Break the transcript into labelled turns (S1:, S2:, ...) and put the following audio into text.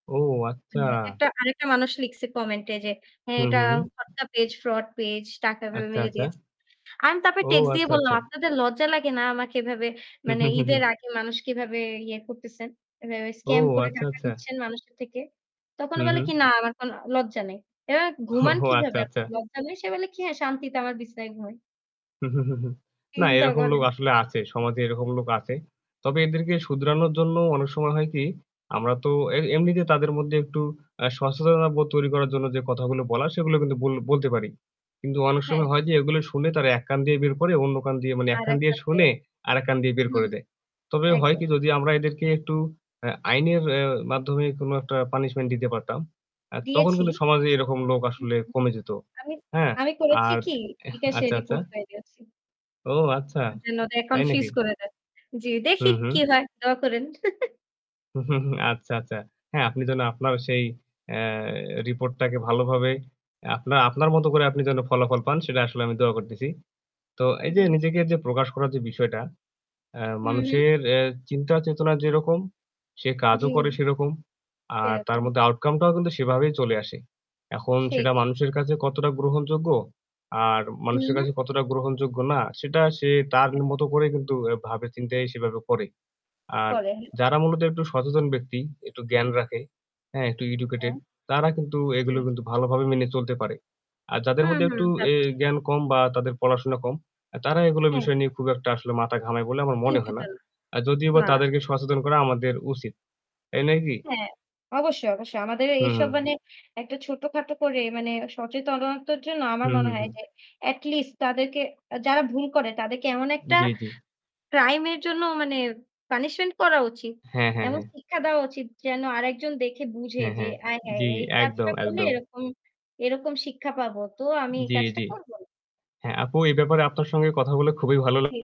S1: ও আচ্ছা।
S2: মানে একটা আরেকটা মানুষ লিখছে কমেন্টে যে
S1: হু,
S2: এটা
S1: হু, হু।
S2: ফটকা পেজ, ফ্রড পেজ টাকা এভাবে
S1: আচ্ছা,
S2: মেরে
S1: আচ্ছা।
S2: দিয়েছে। আমি তারপর
S1: ও
S2: টেক্সট দিয়ে
S1: আচ্ছা,
S2: বললাম,
S1: আচ্ছা।
S2: "আপনাদের লজ্জা লাগেনা আমাকে এভাবে
S1: হু,
S2: মানে
S1: হু, হু,
S2: ঈদের
S1: হু।
S2: আগে মানুষ কিভাবে ইয়ে করতেছেন। এভাবে
S1: ও
S2: স্কাম করে
S1: আচ্ছা,
S2: টাকা
S1: আচ্ছা।
S2: নিচ্ছেন মানুষের থেকে?" তখন
S1: হু,
S2: ও বলে
S1: হু।
S2: কি, "না আমার কোনো লজ্জা নেই।" এবার "ঘুমান
S1: ও আচ্ছা,
S2: কিভাবে?
S1: আচ্ছা।
S2: লজ্জা নেই।" সে বলে কি, "হ্যাঁ, শান্তিতে আমার বিছানায় ঘুমাই।"
S1: হু, হু, হু, হু। না,
S2: চিন্তা
S1: এরকম লোক
S2: করেন।
S1: আসলে আছে। সমাজে এরকম লোক আছে। তবে এদেরকে শুধরানোর জন্য অনেক সময় হয় কি আমরা তো এ এমনিতে তাদের মধ্যে একটু আ সচেতনতাবোধ তৈরি করার জন্য যে কথাগুলো বলার সেগুলো কিন্তু বল বলতে পারি। কিন্তু অনেক
S2: হ্যাঁ।
S1: সময় হয় যে এগুলো শুনে তারা এক কান দিয়ে বের করে অন্য কান দিয়ে মানে এক
S2: আর
S1: কান
S2: একটা
S1: দিয়ে শুনে
S2: বেড।
S1: আরেক কান দিয়ে বের
S2: হুম,
S1: করে দেয়। তবে হয়
S2: একদম।
S1: কি যদি আমরা এদেরকে একটু আ আইনের মাধ্যমে কোনো একটা পানিশমেন্ট দিতে পারতাম। আ তখন
S2: দিয়েছি।
S1: কিন্তু সমাজে এরকম লোক
S2: হু,
S1: আসলে
S2: হু।
S1: কমে যেতো।
S2: আমি
S1: হ্যাঁ,
S2: আমি করেছি
S1: আর
S2: কি?
S1: এহ
S2: বিকাশে
S1: আচ্ছা, আচ্ছা।
S2: রিপোর্ট করে দিয়েছি
S1: ও আচ্ছা।
S2: যেনো ওদের
S1: তাই
S2: অ্যাকাউন্ট
S1: নাকি?
S2: ফ্রিজ করে দেয়। জি,
S1: হু,
S2: দেখি কি
S1: হু।
S2: হয়, দোয়া করেন।
S1: আচ্ছা, আচ্ছা। হ্যাঁ, আপনি যেনো আপনার সেই এ রিপোর্টটাকে ভালোভাবে আপনার আপনার মতো করে আপনি যেনো ফলাফল পান সেটা আসলে আমি দোয়া করতেছি। তো এইযে
S2: জ্বী।
S1: নিজেকে যে প্রকাশ করার যে বিষয়টা আ
S2: হুম, হুম।
S1: মানুষের এ চিন্তা চেতনা যেরকম সে কাজও করে
S2: জ্বী।
S1: সেরকম। আর আ তার
S2: এরকম।
S1: মধ্যে আউটকামটাও কিন্তু সেভাবেই চলে আসে। এখন সেটা
S2: সেইটাই।
S1: মানুষের কাছে কতটা গ্রহণযোগ্য, আর
S2: হু,
S1: মানুষের কাছে
S2: হু।
S1: কতটা গ্রহণযোগ্য না, সেটা সে তার
S2: [unintelligible]
S1: মতো করে কিন্তু ভাবে চিন্তায় সেভাবে করে। আর
S2: করে। হ্যাঁ।
S1: যারা মূলত একটু সচেতন ব্যক্তি একটু জ্ঞান রাখে। হ্যাঁ, একটু এডুকেটেড
S2: হুম।
S1: তারা কিন্তু
S2: জী।
S1: এগুলো কিন্তু ভালোভাবে মেনে চলতে পারে। আর যাদের
S2: হুম,
S1: মধ্যে একটু
S2: হুম, তা
S1: এ
S2: তো ঠিক।
S1: জ্ঞান কম বা তাদের পড়াশোনা কম এ তারা এগুলো
S2: হ্যাঁ।
S1: বিষয় নিয়ে খুব একটা আসলে মাথা ঘামায় বলে আমার মনে হয়
S2: চিন্তিত
S1: না।
S2: না।
S1: আ যদিও বা
S2: না।
S1: তাদেরকে সচেতন করা আমাদের উচিত। তাই নয় কি?
S2: হ্যাঁ, অবশ্যই, অবশ্যই। আমাদের
S1: হুম,
S2: এসব
S1: হুম।
S2: মানে একটা ছোটখাটো করে মানে সচেতনতার জন্য আমার
S1: হুম,
S2: মনে
S1: হুম,
S2: হয়
S1: হুম।
S2: যে এটলিস্ট তাদেরকে যারা ভুল করে তাদেরকে এমন একটা
S1: জ্বী, জ্বী।
S2: ক্রাইম এর জন্য মানে পানিশমেন্ট করা উচিত।
S1: হ্যাঁ, হ্যাঁ,
S2: এমন
S1: হ্যাঁ।
S2: শিক্ষা দেওয়া উচিত যেন আরেকজন দেখে বুঝে
S1: হ্যাঁ,
S2: যে
S1: হ্যাঁ।
S2: আয়হায়!
S1: জ্বি,
S2: এই
S1: একদম,
S2: কাজটা করলে
S1: একদম।
S2: এরকম, এরকম শিক্ষা পাবো। তো আমি এই
S1: জ্বী,
S2: কাজটা
S1: জ্বী।
S2: করবো না।
S1: হ্যাঁ, আপু এই ব্যাপারে আপনার সঙ্গে কথা বলে খুবই ভালো লা
S2: জি।